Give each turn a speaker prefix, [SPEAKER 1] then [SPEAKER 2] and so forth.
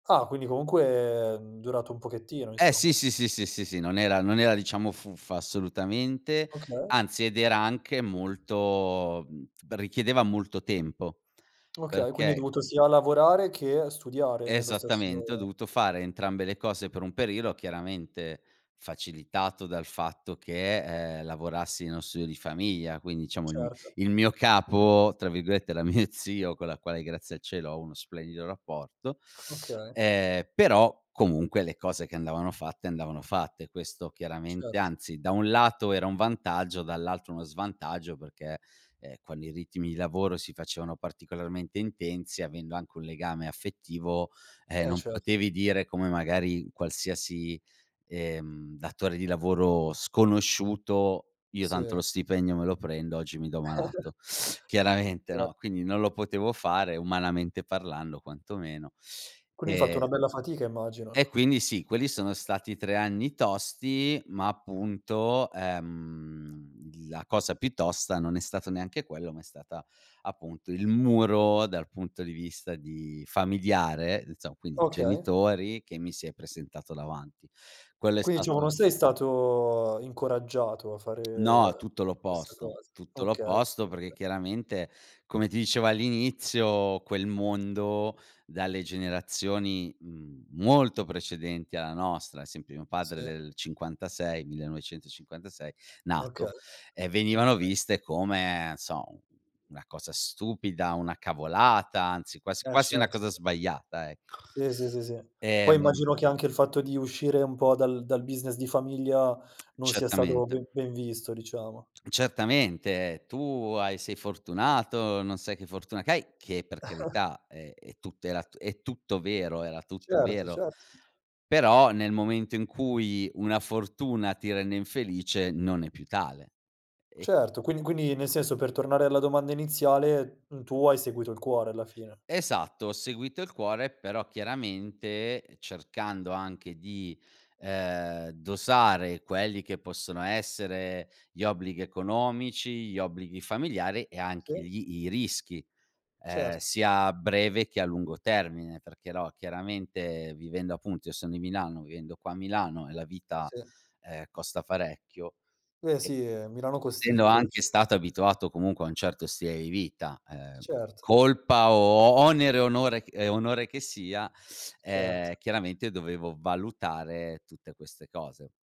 [SPEAKER 1] Ah, quindi comunque, è durato un pochettino
[SPEAKER 2] Eh sì,
[SPEAKER 1] insomma.
[SPEAKER 2] sì, sì, sì, sì, sì non era non era diciamo fuffa assolutamente,
[SPEAKER 1] Okay.
[SPEAKER 2] anzi, ed era anche molto mhmm, richiedeva molto tempo,
[SPEAKER 1] Okay, quindi hai
[SPEAKER 2] perché
[SPEAKER 1] dovuto sia lavorare, che studiare nello
[SPEAKER 2] Esattamente, ho
[SPEAKER 1] stesso
[SPEAKER 2] dovuto fare entrambe le cose per un periodo, chiaramente facilitato dal fatto che, ehm, lavorassi nello studio di famiglia, quindi diciamo il mi
[SPEAKER 1] Certo.
[SPEAKER 2] il mio "capo", tra virgolette, era mio zio, con la quale, grazie al cielo, ho uno splendido rapporto.
[SPEAKER 1] Okay.
[SPEAKER 2] Ehm, però comunque, le cose che andavano fatte andavano fatte. Questo chiaramente
[SPEAKER 1] Cert
[SPEAKER 2] anzi, da un lato era un vantaggio, dall'altro uno svantaggio perché, ehm, quando i ritmi di lavoro si facevano particolarmente intensi, avendo anche un legame affettivo, ehm,
[SPEAKER 1] Eh,
[SPEAKER 2] non
[SPEAKER 1] cer
[SPEAKER 2] potevi dire come magari qualsiasi, ehm, datore di lavoro sconosciuto: "Io tanto
[SPEAKER 1] Sì.
[SPEAKER 2] lo stipendio me lo prendo, oggi mi do malato." Chiaramente,
[SPEAKER 1] Cer
[SPEAKER 2] no, quindi non lo potevo fare, umanamente parlando quantomeno.
[SPEAKER 1] Quindi hai fatto
[SPEAKER 2] E
[SPEAKER 1] una bella fatica immagino.
[SPEAKER 2] e quindi sì, quelli sono stati 3 anni tosti, ma appunto, ehm, l la cosa più tosta, non è stato neanche quello, ma è stata appunto il muro, dal punto di vista di familiare, insomma, quindi
[SPEAKER 1] Okay.
[SPEAKER 2] genitori che mi si è presentato davanti. Quello è
[SPEAKER 1] Quindi, diciamo non
[SPEAKER 2] stato
[SPEAKER 1] sei stato incoraggiato a fare, ehm,
[SPEAKER 2] No, tutto
[SPEAKER 1] questa
[SPEAKER 2] l'opposto,
[SPEAKER 1] cosa.
[SPEAKER 2] tutto
[SPEAKER 1] Okay
[SPEAKER 2] l'opposto, perché
[SPEAKER 1] [unintelligible]
[SPEAKER 2] chiaramente, come ti dicevo all'inizio, quel mondo dalle generazioni, mhmm, molto precedenti alla nostra, ad esempio mio padre
[SPEAKER 1] Sì.
[SPEAKER 2] del è '56, 1956
[SPEAKER 1] Okay,
[SPEAKER 2] nato, ehm,
[SPEAKER 1] okay.
[SPEAKER 2] venivano viste come, n' so, u una cosa stupida, una cavolata, anzi quasi
[SPEAKER 1] Eh
[SPEAKER 2] quasi una
[SPEAKER 1] certo,
[SPEAKER 2] cosa
[SPEAKER 1] sì.
[SPEAKER 2] sbagliata ecco.
[SPEAKER 1] Sì, sì, sì, sì. Poi
[SPEAKER 2] Ehm
[SPEAKER 1] immagino che anche il fatto di uscire un po' dal dal business di famiglia, non sia stato
[SPEAKER 2] Certamente.
[SPEAKER 1] ben ben visto, diciamo.
[SPEAKER 2] Certamente. "Tu hai sei fortunato, non sai che fortuna che hai." Che per carità, ehm, e tutto era t è tutto vero, era tutto
[SPEAKER 1] Certo,
[SPEAKER 2] vero.
[SPEAKER 1] certo. [unintelligible]
[SPEAKER 2] Però, nel momento in cui una fortuna ti rende infelice, non è più tale, e
[SPEAKER 1] Certo, quindi quindi nel senso per tornare alla domanda iniziale, mhmm, tu hai seguito il cuore alla fine.
[SPEAKER 2] Esatto, ho seguito il cuore, però chiaramente, cercando anche di, ehm, dosare quelli che possono essere gli obblighi economici, gli obblighi familiari, e anche
[SPEAKER 1] Sì.
[SPEAKER 2] gli i rischi, ehm,
[SPEAKER 1] Certo.
[SPEAKER 2] sia a breve che a lungo termine, perché, no, chiaramente, vivendo appunto io son di Milano, vivendo qua a Milano, e la vita,
[SPEAKER 1] Sì.
[SPEAKER 2] ehm, costa parecchio,
[SPEAKER 1] Eh, sì eh, Milano
[SPEAKER 2] essendo
[SPEAKER 1] costicchia dici
[SPEAKER 2] anche stato abituato comunque a un certo stile di vita, ehm,
[SPEAKER 1] Certo.
[SPEAKER 2] colpa o onere e onore ch e onore che sia,
[SPEAKER 1] Certo.
[SPEAKER 2] ehm, chiaramente dovevo valutare tutte queste cose.